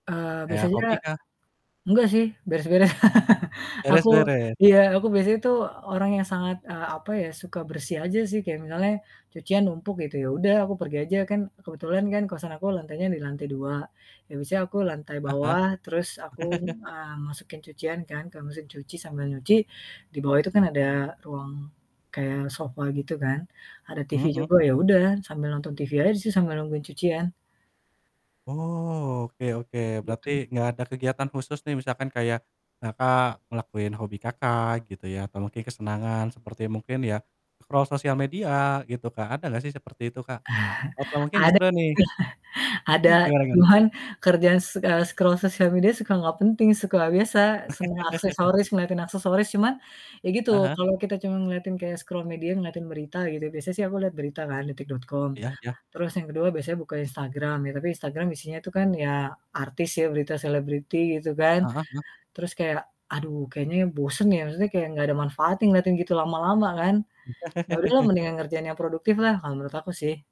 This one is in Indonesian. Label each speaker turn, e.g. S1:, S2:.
S1: Eee,
S2: Kayak
S1: biasanya
S2: hobi kah?
S1: enggak sih, beres-beres aku
S2: Beres-beres.
S1: iya. Aku biasanya itu orang yang sangat, eee, apa ya, suka bersih aja sih kayak misalnya cucian numpuk gitu, ya udah aku pergi aja kan kebetulan kan kosan aku lantainya di lantai 2, ya biasanya aku lantai
S2: Heeh heeh.
S1: bawah terus aku, eee, masukin cucian kan ke mesin cuci sambil nyuci, di bawah itu kan ada ruang kayak sofa gitu kan. Ada
S2: Mhm
S1: TV
S2: mhm.
S1: juga, ya udah sambil nonton TV aja sih sambil nungguin cucian.
S2: Oh, oke oke, berarti
S1: Gitu.
S2: gak ada kegiatan khusus nih misalkan kayak Kakak ngelakuin hobi Kakak gitu ya, atau mungkin kesenangan seperti mungkin ya scroll sosial media gitu Kak, ada gak sih seperti itu Kak? Atau mungkin
S1: Ada,
S2: justru nih
S1: ada
S2: Mmm, gimana gimana?
S1: cuman kerjaan s eee, scroll sosial media suka gak penting, suka biasa semua aksesoris ngeliatin aksesoris cuman ya gitu,
S2: Ah hah.
S1: kalau kita cuman ngeliatin kayak scroll media ngeliatin berita gitu, biasa sih aku liat berita kan, detik.com.
S2: Iya iya.
S1: Terus yang kedua biasanya buka Instagram, ya tapi Instagram isinya itu kan ya artis ya, berita selebriti gitu kan,
S2: Heeh heeh.
S1: terus kayak aduh kayaknya bosen ya, maksudnya kayak enggak ada manfaatnya ngeliatin gitu lama-lama kan. Ya udahlah mendingan ngerjain yang produktif lah kalau menurut aku sih.